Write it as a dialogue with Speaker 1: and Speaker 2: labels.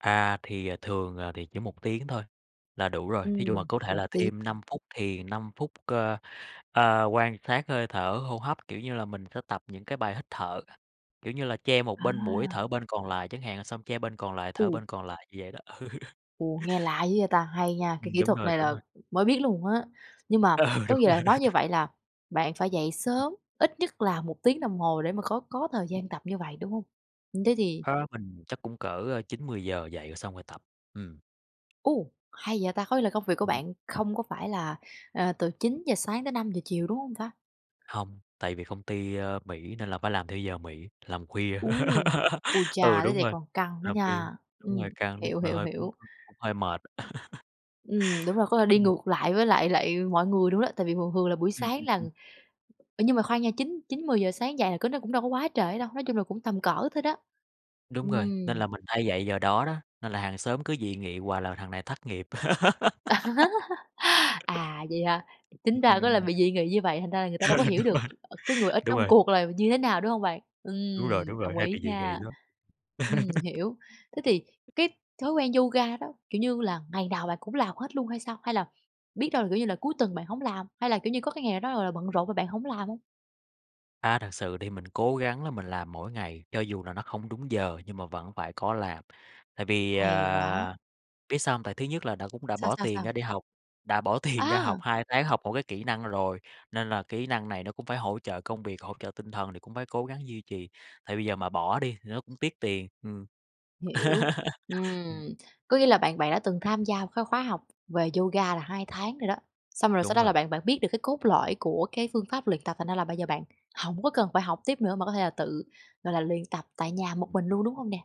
Speaker 1: À, thì thường, ờ, thì chỉ 1 tiếng thôi là đủ rồi. Thí dụ mà
Speaker 2: Ừm,
Speaker 1: có thể
Speaker 2: 1
Speaker 1: là
Speaker 2: tiếng
Speaker 1: thêm 5 phút thì 5 phút cơ, ơ, quan sát hơi thở hô hấp. Kiểu như là, mình sẽ tập những cái bài hít thở, kiểu như là che một bên mũi
Speaker 2: À!
Speaker 1: thở bên còn lại chẳng hạn, xong che bên còn lại, thở bên
Speaker 2: U.
Speaker 1: còn lại, như vậy đó. Ừ,
Speaker 2: Ồ, nghe lạ dữ vậy ta! Hay nha! Cái
Speaker 1: ừm,
Speaker 2: kỹ
Speaker 1: đúng
Speaker 2: thuật
Speaker 1: rồi,
Speaker 2: này
Speaker 1: đúng
Speaker 2: là
Speaker 1: rồi.
Speaker 2: mới biết luôn á. Nhưng mà
Speaker 1: Ừ,
Speaker 2: có
Speaker 1: đúng
Speaker 2: nghĩa
Speaker 1: rồi.
Speaker 2: bạn nói như vậy là bạn phải dậy sớm, ít nhất là 1 tiếng đồng hồ để mà có có thời gian tập như vậy, đúng hông? Thế thì
Speaker 1: Á, mình chắc cũng cỡ 9:00, 10:00 dậy xong rồi tập, ừm.
Speaker 2: U, hay vậy ta, có nghĩa là công việc của
Speaker 1: Ừm.
Speaker 2: bạn không có phải là, ờ, từ 9:00 sáng tới 5:00 chiều, đúng không ta?
Speaker 1: Hông, tại vì công ty, ơ, Mỹ nên là phải làm theo giờ Mỹ, làm khuya.
Speaker 2: U, ui
Speaker 1: Ừ,
Speaker 2: cha thế
Speaker 1: đúng
Speaker 2: thì
Speaker 1: rồi,
Speaker 2: còn căng đó
Speaker 1: làm khuya,
Speaker 2: nha!
Speaker 1: đúng rồi,
Speaker 2: Ừm,
Speaker 1: căng nói
Speaker 2: hiểu,
Speaker 1: chung là
Speaker 2: hiểu,
Speaker 1: hơi
Speaker 2: hiểu.
Speaker 1: [unintelligible] cũng hơi mệt.
Speaker 2: Ừm, đúng rồi, có thể đi
Speaker 1: Ừm.
Speaker 2: ngược lại với lại lại mọi người luôn đó, tại vì thường thường là buổi
Speaker 1: Ừm,
Speaker 2: sáng
Speaker 1: ừm,
Speaker 2: là
Speaker 1: ừm.
Speaker 2: ờ, nhưng mà khoan nha chín chín 10:00 sáng dậy là cỡ nó cũng đâu có quá trễ đâu, nói chung là cũng tầm cỡ thôi đó.
Speaker 1: Đúng rồi, nên
Speaker 2: Ừm.
Speaker 1: là mình hay dậy giờ đó đó, nên là hàng xóm cứ dị nghị hoài là "Thằng này thất nghiệp."
Speaker 2: À, vậy hả? Chính
Speaker 1: Ừm,
Speaker 2: ra có là
Speaker 1: ừm.
Speaker 2: bị dị nghị như vậy, thành ra là người ta đâu có hiểu
Speaker 1: Đúng
Speaker 2: được
Speaker 1: rồi,
Speaker 2: cái người ở
Speaker 1: đúng
Speaker 2: trong
Speaker 1: rồi.
Speaker 2: cuộc là như thế nào, đúng hông bạn?
Speaker 1: Đúng rồi,
Speaker 2: Ừm,
Speaker 1: đúng rồi,
Speaker 2: đồng
Speaker 1: hay bị
Speaker 2: ý
Speaker 1: dị nghị
Speaker 2: nha.
Speaker 1: lắm.
Speaker 2: Ừm, hiểu. Thế thì cái thói quen yoga đó, kiểu như là, ngày nào bạn cũng làm hết luôn hay sao? Hay là biết đâu là, kiểu như, là cuối tuần bạn hổng làm, hay là, kiểu như, có cái ngày nào đó, gọi là, bận rộn mà bạn hổng làm hông?
Speaker 1: A, thật sự thì mình cố gắng là mình làm mỗi ngày, cho dù là nó không đúng giờ nhưng mà vẫn phải có làm. Tại vì,
Speaker 2: Hay quá.
Speaker 1: ờ, biết sao hông? Tại thứ nhất là đã cũng đã
Speaker 2: Sao?
Speaker 1: bỏ
Speaker 2: Sao?
Speaker 1: tiền
Speaker 2: Sao?
Speaker 1: ra đi học, đã bỏ tiền ra học
Speaker 2: À!
Speaker 1: 2 tháng học một cái kỹ năng rồi, nên là kỹ năng này nó cũng phải hỗ trợ công việc, hỗ trợ tinh thần thì cũng phải cố gắng duy trì. Tại bây giờ mà bỏ đi thì nó cũng tiếc tiền, ừm.
Speaker 2: Hiểu,
Speaker 1: Ừm.
Speaker 2: ừm, có nghĩa là bạn bạn đã từng tham gia một cái khóa học về yoga là 2 tháng rồi đó. Xong rồi sau
Speaker 1: Đúng
Speaker 2: đó
Speaker 1: rồi.
Speaker 2: là bạn bạn biết được cái cốt lõi của cái phương pháp luyện tập thành ra là bây giờ bạn hổng có cần phải học tiếp nữa mà có thể là tự, gọi là, luyện tập tại nhà một
Speaker 1: Ừm.
Speaker 2: mình luôn, đúng hông nè?